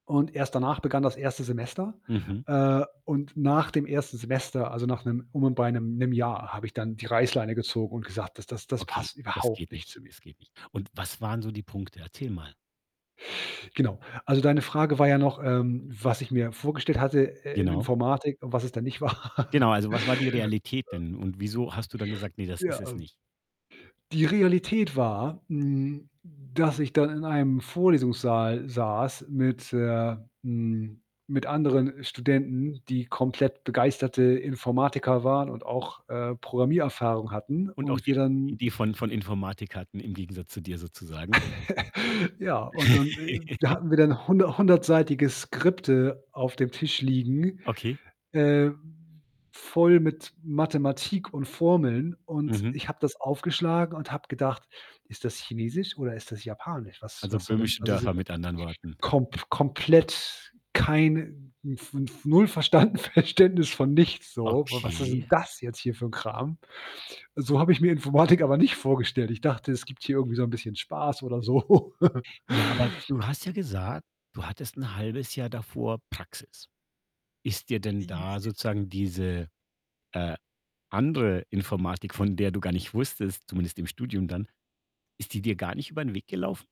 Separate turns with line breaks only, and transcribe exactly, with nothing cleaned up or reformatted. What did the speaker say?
Und erst danach begann das erste Semester.
Mhm.
Äh, und nach dem ersten Semester, also, nach 'nem um und bei 'nem 'nem Jahr, habe ich dann die Reißleine gezogen und gesagt: „Das Das Das
Okay,
passt
das geht
überhaupt nicht zu
nicht.
mir.“
Das geht nicht. Und was waren so die Punkte? Erzähl mal.
Genau. Also, deine Frage war ja noch, ähm, was ich mir vorgestellt hatte, äh, in
Genau.
Informatik und was es dann nicht war.
Genau, also, was war die Realität
Ö
denn und wieso hast du dann gesagt: „Ne, das ist
Ja,
es
ähm
nicht?“
die Realität war, hm, dass ich dann in einem Vorlesungssaal saß mit, äh hm, mit anderen, äh, Studenten, die komplett begeisterte Informatiker waren und auch, äh, Programmiererfahrung hatten
Und auch
und
die
wir dann
Idee von von Informatik hatten im Gegensatz zu dir sozusagen?
Ja, und und, äh, da hatten wir dann hunder hundertseitige Skripte auf dem Tisch liegen,
Okay.
äh, voll mit Mathematik und Formeln und
Mhm.
ich habe das aufgeschlagen und habe gedacht: „Ist das Chinesisch oder ist das Japanisch? Was
Also,
Was soll denn
böhmische
also“
Dörfer
[unintelligible]
mit anderen Worten.
kom komplett keine hm, fnf fnf null verstanden Verständnis von nichts so. W Was ist
Okay.
denn das jetzt hier für 'n Kram? So habe ich mir Informatik aber nicht vorgestellt. Ich dachte, es gibt hier irgendwie so 'n bisschen Spaß oder so.
Ja, aber du hast ja gesagt, du hattest 'n halbes Jahr davor Praxis. Ist dir denn da sozusagen diese, äh, andere Informatik, von der du gar nicht wusstest zumindest im Studium dann, ist die dir gar nicht über 'n Weg gelaufen?